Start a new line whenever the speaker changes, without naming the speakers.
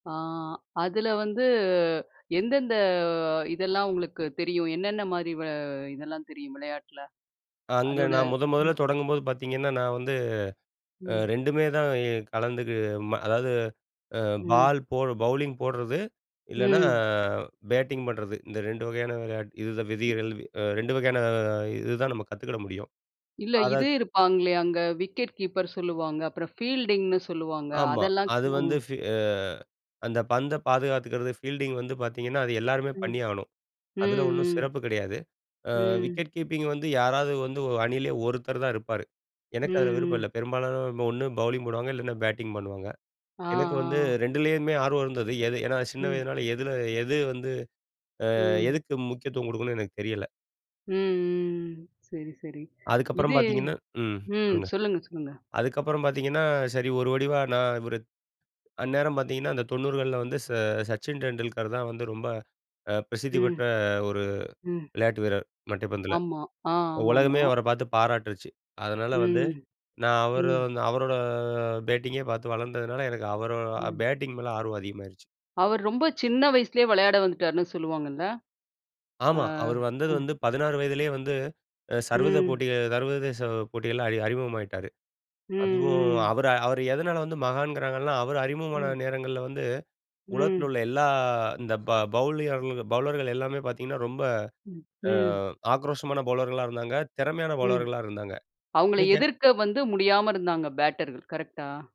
ஆ அதில வந்து எந்தெந்த இதெல்லாம் உங்களுக்கு தெரியும்? என்னென்ன மாரி வ இதெல்லாம் தெரியும், விளையாட்டுல?
அங்க
அதோட
நான் முதன் முதல்ல
ம்.
தொடங்கும்போது பார்த்தீங்கன்னா, நான் வந்து அ
ம்.
2மே தான் இ கலந்து கு அதாவது அ
ம்.
பால் போடு பவுலிங் போடுறது, இல்லன்னா
ம்.
பேட்டிங் பண்ணுறது. இந்த 2 வகையான விளையாட்டு. இதுத விதிகள் அ 2 வகையான இதுதான் நம்ம கத்துக்கிட முடியும்.
இல்ல. இது
அதைக்
இருப்பாங்களே அங்க. விக்கெட் கீப்பர் சொல்லுவாங்க. அப்புறம் ஃபீல்டிங்னு சொல்லுவாங்க.
ஆமா,
அதெல்லாம்
அது
ஆ.
வந்து ஃபீ அ அந்த பந்த பாதுகாத்துக்கிறது. ஃபீல்டிங் வந்து பார்த்தீங்கன்னா, அது எல்லோருமே
ம்.
பண்ணியாகணும்.
ம்,
அதில ஒண்ணும்
ம்.
சிறப்பு கிடையாது. அ
ம்.
விக்கெட் கீப்பிங் வந்து, யாராவது வந்து அணியிலேயே ஒருத்தர் தான் இருப்பாரு. எனக்கு அதில விருப்பம்
ம். ம்.
இல்ல. பெரும்பாலானவங்க ஒண்ணு பௌலிங் போடுவாங்க. இல்லன்னா பேட்டிங் பண்ணுவாங்க.
ஆ,
எனக்கு வந்து
ஆ.
2லேயுமே ஆர்வம் இருந்தது. எது ஏன்னா, சின்ன
ம்.
வயதினால எதில எது வந்து அ
ம்.
எதுக்கு முக்கியத்துவம் குடுக்கணும்னு எனக்கு தெரியல.
ம், ம். ம். சரி, சரி.
அதுக்கப்புறம்
இது
பார்த்தீங்கன்னா ம்
ம்.
சொல்லுங்க.
சொல்லுங்க. சொல்லுங்க.
அதுக்கப்புறம் பார்த்தீங்கன்னா, சரி. ஒரு முடிவா நான் இவரு அந்நேரம் பார்த்தீங்கன்னா, அந்த 90கள்ல வந்து ச "சச்சின் டெண்டுல்கர்" தான் வந்து ரொம்ப அ பிரசித்தி
ம்.
பெற்ற ஒரு
ம்.
விளையாட்டு வீரர், மட்டைப்பந்துல.
ஆமா. ஆ.
உலகமே
ஆமாமா.
அவர பார்த்து பாராட்டுருச்சு. அதனால வந்து,
ம்.
நான் அவரு
ம்.
வந்து அவரோட பேட்டிங்கே பார்த்து வளர்ந்ததுனால, எனக்கு அவரோ
ம்.
பேட்டிங் மேல ஆர்வம் அதிகமாயிருச்சு.
அவர் ரொம்ப சின்ன வயசுலேயே விளையாட வந்துட்டாருன்னு சொல்லுவாங்கல்ல? ஆ,
ஆமா. அவரு வந்தது
ம்.
வந்து, 16 வயதிலேயே வந்து சர்வத
ம்.
போட்டிகள் சர்வதேச போட்டிகள்ல அறி அறிமுகமாகிட்டாரு.
ம்.
அதுவும்
ம்.
அவர அவர எதனால வந்து மகான்கிறாங்கன்னா, அவரு அறிமுகமான
ம்.
நேரங்கள்ல வந்து, உலகத்தில
ம்.
உள்ள எல்லா இந்த ப பவுலிங்காரங்ளுக்கு, பவுலர்கள் எல்லாமே பார்த்தீங்கன்னா, ரொம்ப
ம்,
அ
ம்.
ஆக்ரோஷமான பவுலர்களா இருந்தாங்க. திறமையான
ம்.
பவுலர்களா இருந்தாங்க.
அவங்கள
இன்னைக்கு அ
எதிர்க்க வந்து முடியாம இருந்தாங்க, பேட்டர்கள் கரெக்டா?